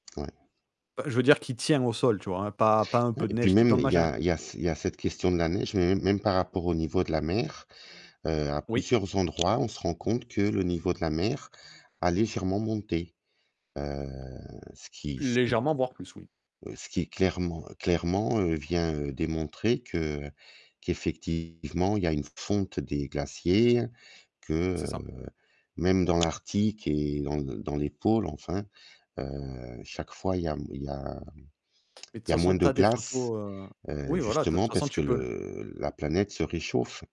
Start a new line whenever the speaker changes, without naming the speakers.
Ouais.
Heu, je veux dire qui tient au sol, tu vois? Pas pas un
Ouais
peu de
et puis
neige qui
même
tombe
il y
machin
a il y a s il y a cette question de la neige, mais mê même par rapport au niveau de la mer, heu, à
Oui.
plusieurs endroits, on se rend compte que le niveau de la mer a légèrement monté. Heu, ce qui ce qui,
Légèrement, voire plus, oui.
heu, ce qui clairement clairement, heu, vient, heu, démontrer que qu'effectivement il y a une fonte des glaciers, que,
C'est ça.
heu, même dans l'Arctique et dans le dans les pôles enfin, heu, chaque fois il y a m il y a
Et de toute
il y a
façon,
moins de
tu as des
glace,
photos, heu
heu,
oui, voilà, tu as de
justement
toute façon,
parce que
tu peux le
le la planète se réchauffe.